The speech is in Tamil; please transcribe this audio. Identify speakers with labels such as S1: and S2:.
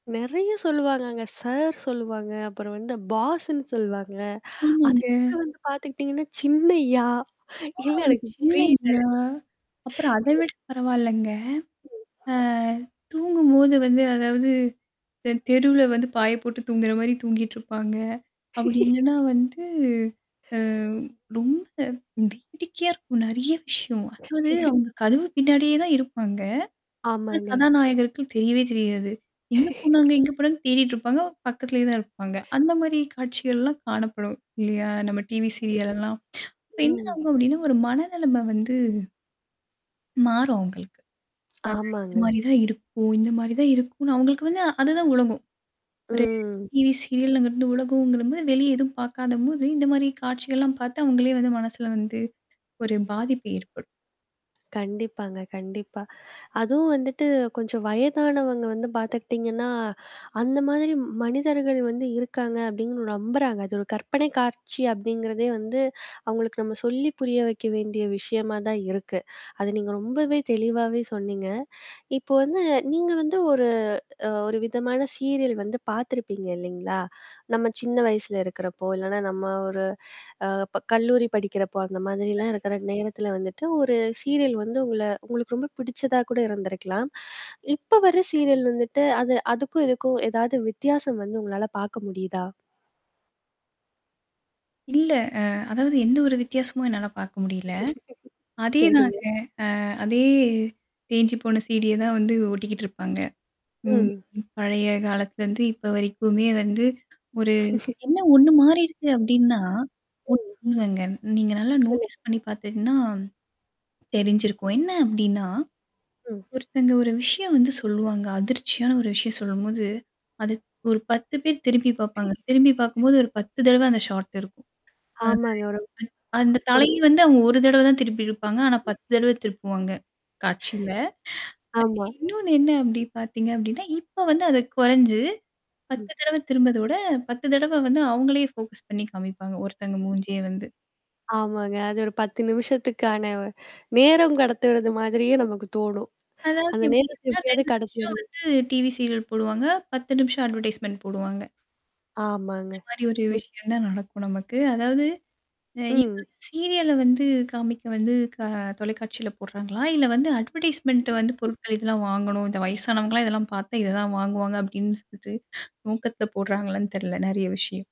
S1: நெறைய சொல்லுவாங்கங்க. சார் சொல்லுவாங்க. அப்புறம் வந்து பாஸ்ன்னு சொல்வாங்க.
S2: ஆமாங்க.
S1: அதுக்கப்பறம் வந்து பார்த்துக்கிட்டீங்கன்னா, சின்னையா,
S2: அ
S1: இல்ல எனக்கு [unintelligible]
S2: சின்னையா! அப்புறம் அத விட பரவால்லங்க. ஆ
S1: [unintelligible]
S2: தூங்கும்போது வந்து அதாவது இந்த தெருவுல வந்து பாய போட்டு தூங்குறமாரி தூங்கிட்டுருப்பாங்க. அப்பிடி இல்லன்னா வந்து, அ ரொம்ப வேடிக்கையா இருக்கும். நிறைய விஷயம். அதாவது அங்க கதவு பின்னாடியே தான் இருப்பாங்க. ஆனா
S1: ஆமாங்க.
S2: கதாநாயகர்கள் தெரியவே தெரியாது. எங்க போனாங்க, எங்க போனாங்கன்னு தேடிட்டுருப்பாங்க. பக்கத்திலேயே தான் இருப்பாங்க. அந்தமாரி காட்சிகள்லாம் காணப்படும். இல்லயா! நம்ம டிவி சீரியல் எல்லாம். அப்ப என்ன
S1: ம்.
S2: ஆகும் அப்பிடின்னா, ஒரு மனநெலைம வந்து மாறும் அவுங்களுக்கு. அ இந்த
S1: ஆமாங்க.
S2: மாரி தான் இருக்கும், இந்தமாரி தான் இருக்குன்னு அவுங்களுக்கு வந்து அதுதான் உலகம். ஒரு
S1: ம்.
S2: டிவி சீரியல்ங்கிறது உலகம்போது வெளிய எதுவும் பார்க்காதம்போது இந்தமாரி காட்சிகள்லாம் பார்த்து அவுங்களே வந்து மனசுல வந்து ஒரு பாதிப்பு ஏற்படும்.
S1: கண்டிப்பாங்க, கண்டிப்பா. அதுவும் வந்துட்டு கொஞ்சம் வயதானவங்க வந்து பார்த்துக்கிட்டீங்கன்னா, அந்த மாதிரி மனிதர்கள் வந்து இருக்காங்க அப்பிடின்னு நம்புறாங்க. அது ஒரு கற்பனை காட்சி அப்பிடிங்கிறதே வந்து அவுங்களுக்கு நம்ம சொல்லி புரிய வைக்க வேண்டிய விஷயமா தான் இருக்கு. அத நீங்க ரொம்பவே தெளிவாவே சொன்னீங்க. இப்போ வந்து நீங்க வந்து ஒரு அ ஒரு விதமான சீரியல் வந்து பார்த்துருப்பீங்க இல்லேங்களா! நம்ம சின்ன வயசுல இருக்கிறப்போ, இல்லன்னா நம்ம ஒரு அ ப கல்லூரி படிக்கிறப்போ, அந்த மாதிரிலாம் இருக்கிற
S2: கண்டிப்பா.
S1: நேரத்தில வந்துட்டு, ஒரு சீரியல் வந்து உங்கள உங்களுக்கு ரொம்ப பிடிச்சதா கூட இருந்திருக்கலாம். இப்ப வர சீரியல் வந்துட்டு அத அதுக்கும் இதுக்கும் ஏதாவது வித்தியாசம் வந்து உங்களால பார்க்க முடியுதா?
S2: இல்ல. அ அதாவது எந்த ஒரு வித்தியாசமும் என்னால பார்க்க முடியல.
S1: சரிங்க.
S2: அதேதாங்க. அ அதே தேஞ்சுபோன சீ-டி ய தான் வந்து ஓட்டிக்கிட்டு இருப்பாங்க. ம்
S1: ம்.
S2: பழைய காலத்துல வந்து இப்ப வரைக்குமே வந்து, ஒரு என்ன ஒன்னு மாறிருக்கு அப்பிடின்னா
S1: ம்.
S2: ஒன்னு இல்லங்க நீங்க நல்லா
S1: சொல்லுங்க.
S2: நோட்ஸ் பண்ணி பார்த்துட்டன்னா, தெரிஞ்சிருக்கும். என்ன அப்பிடின்னா
S1: ம்.
S2: ஒருத்தங்க ஒரு விஷயம் வந்து சொல்லுவாங்க. அதிர்ச்சியான ஒரு விஷயம் சொல்லும்போது. அது ஒரு பேர் திரும்பி பாாரப்பாங்க. திரும்பி பார்க்கும்போது ஒரு தடவ அந்த ஷார்ட் இருக்கும்.
S1: ஆமாங்க, ஒரு,
S2: [unintelligible] அந்த
S1: ஒரு
S2: தலை வந்து அவுங்க ஒரு தடவ தான் திருப்பியிருப்பாங்க. ஆனா 10 தடவ திருப்புவாங்க. காட்சியில. அ
S1: ஆமா.
S2: இன்னொன்னு என்ன அப்பிடி பார்த்தீங்க அப்பிடின்னா, இப்ப வந்து அது குறைஞ்சு. 10
S1: ம்.
S2: தடவ திரும்புறத விட, 10 தடவ வந்து அவுங்களே ஃபோக்கஸ் பண்ணி காமிப்பாங்க. ஒருத்தங்க மூஞ்சியே வந்து.
S1: ஆமாங்க. அது ஒரு 10 நிமிஷத்துக்கான நேரம் கடத்துறது மாதிரியே நமக்கு தோணும்.
S2: அதாவது
S1: அந்த நேரத்த
S2: எப்பிடின்னா
S1: எப்பிடியாவது
S2: 2 நிமிஷம்
S1: கடத்துறது.
S2: வந்து டிவி சீரியல் போடுவாங்க. 10 நிமிஷம் அட்வர்டைஸ்மென்ண்ட் போடுவாங்க.
S1: ஆமாங்க.
S2: இந்தமாரி ஒரு
S1: மிக்
S2: விஷயம் தான் நடக்கும் நமக்கு. அதாவது. அ இங்க
S1: ம்.
S2: [unintelligible] சீரியல வந்து காமிக்க வந்து க தொலைக்காட்சியில போடுறாங்களா! இல்ல வந்து அட்வர்டைஸ்மென்ண்ட் வந்து பொருட்கள் இதெல்லாம் வாங்கணும். இந்த வயசானவங்களாம் இதெல்லாம் பார்த்தா இததான் வாங்குவாங்க அப்பிடின்னு சொல்ட்டு நோக்கத்தில போடுறாங்களான்னு தெர்ல. நெறைய விஷயம்.